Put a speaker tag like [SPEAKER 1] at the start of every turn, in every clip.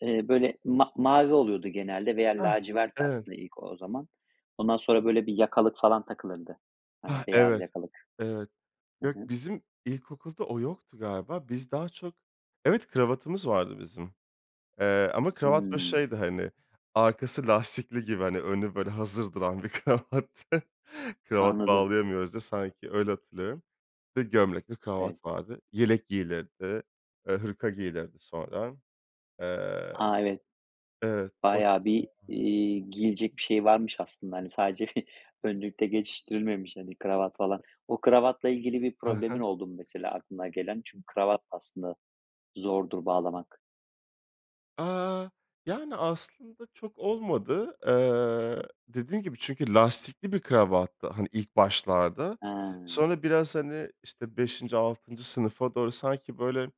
[SPEAKER 1] Eee, böyle, ma mavi oluyordu genelde veya
[SPEAKER 2] Ah,
[SPEAKER 1] lacivertti
[SPEAKER 2] evet.
[SPEAKER 1] aslında ilk o zaman. Ondan sonra böyle bir yakalık falan takılırdı.
[SPEAKER 2] Hah,
[SPEAKER 1] Hani beyaz
[SPEAKER 2] evet,
[SPEAKER 1] yakalık.
[SPEAKER 2] evet.
[SPEAKER 1] Hı
[SPEAKER 2] Yok,
[SPEAKER 1] hı.
[SPEAKER 2] bizim ilkokulda o yoktu galiba. Biz daha çok Evet, kravatımız vardı bizim, eee, ama kravat böyle
[SPEAKER 1] Hıı.
[SPEAKER 2] şeydi hani, arkası lastikli gibi hani önü böyle hazır duran bir kravattı. Kravat
[SPEAKER 1] Anladım.
[SPEAKER 2] bağlayamıyoruz diye. Sanki, öyle hatırlıyorum. Bir de gömlek ve
[SPEAKER 1] Evet.
[SPEAKER 2] kravat vardı. Yelek giyilirdi, eee, hırka giyilirdi sonra. Eee
[SPEAKER 1] A, evet.
[SPEAKER 2] Evet. [unintelligible]
[SPEAKER 1] Bayağı bir,
[SPEAKER 2] Vardı.
[SPEAKER 1] iii, giyilecek bir şeyi varmış aslında. Hani sadece bir önlükle geçiştirilmemiş hani kravat falan. O kravatla ilgili bir
[SPEAKER 2] Hı
[SPEAKER 1] problemin
[SPEAKER 2] hı.
[SPEAKER 1] oldu mu mesela aklına gelen? Çünkü kravat, aslında, zordur bağlamak.
[SPEAKER 2] Aaa, yani aslında çok olmadı. Eee, dediğim gibi çünkü lastikli bir kravattı, hani, ilk başlarda.
[SPEAKER 1] Hıı.
[SPEAKER 2] Sonra biraz hani işte, 5. 6. sınıfa doğru sanki böyle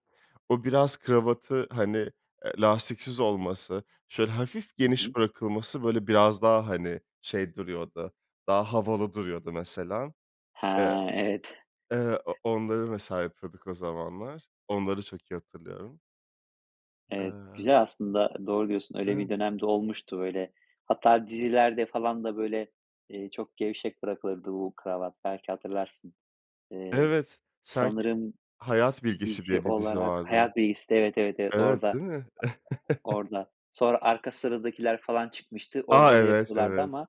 [SPEAKER 2] o biraz kravatı hani, eee, lastiksiz olması, şöyle hafif
[SPEAKER 1] Hı
[SPEAKER 2] geniş
[SPEAKER 1] hı.
[SPEAKER 2] bırakılması böyle biraz daha hani şey duruyordu, daha havalı duruyordu mesela.
[SPEAKER 1] He,
[SPEAKER 2] E
[SPEAKER 1] evet.
[SPEAKER 2] eee, o onları mesela yapıyorduk o zamanlar. Onları çok iyi hatırlıyorum.
[SPEAKER 1] Evet,
[SPEAKER 2] Eee
[SPEAKER 1] güzel aslında, doğru diyorsun öyle
[SPEAKER 2] Iıı
[SPEAKER 1] bir dönem de olmuştu, böyle hatta dizilerde falan da böyle, eee, çok gevşek bırakılırdı bu kravat belki hatırlarsın. Eee,
[SPEAKER 2] Evet, sanki
[SPEAKER 1] sanırım
[SPEAKER 2] Hayat Bilgisi
[SPEAKER 1] dizi
[SPEAKER 2] diye bir dizi
[SPEAKER 1] olarak
[SPEAKER 2] vardı.
[SPEAKER 1] Hayat Bilgisi'nde Evet, evet, evet,
[SPEAKER 2] Evet,
[SPEAKER 1] orada
[SPEAKER 2] değil mi?
[SPEAKER 1] orada sonra Arka Sıradakiler falan çıkmıştı.
[SPEAKER 2] A,
[SPEAKER 1] Orada da
[SPEAKER 2] evet,
[SPEAKER 1] yapıyorlardı
[SPEAKER 2] evet.
[SPEAKER 1] ama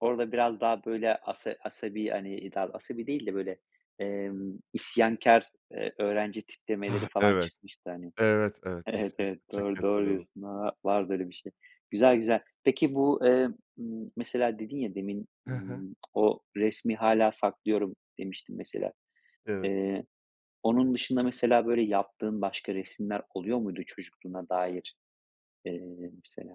[SPEAKER 1] orada biraz daha böyle asa asabi hani i dav asabi değil de böyle, emm, isyankâr, eee, öğrenci tiplemeleri
[SPEAKER 2] Hah,
[SPEAKER 1] falan
[SPEAKER 2] evet.
[SPEAKER 1] çıkmıştı hani.
[SPEAKER 2] Evet, evet,
[SPEAKER 1] Evet
[SPEAKER 2] kesinlikle.
[SPEAKER 1] evet,
[SPEAKER 2] Çok iyi
[SPEAKER 1] doğru. Doğru
[SPEAKER 2] hatırladım.
[SPEAKER 1] diyorsun. A vardı öyle bir şey. Güzel güzel. Peki bu, eee, ımm, mesela dedin ya demin,
[SPEAKER 2] Hı hı.
[SPEAKER 1] ımm, o resmi hâlâ saklıyorum demiştin mesela.
[SPEAKER 2] Evet.
[SPEAKER 1] Eee, onun dışında mesela böyle yaptığın başka resimler oluyor muydu çocukluğuna dair, eee, mesela?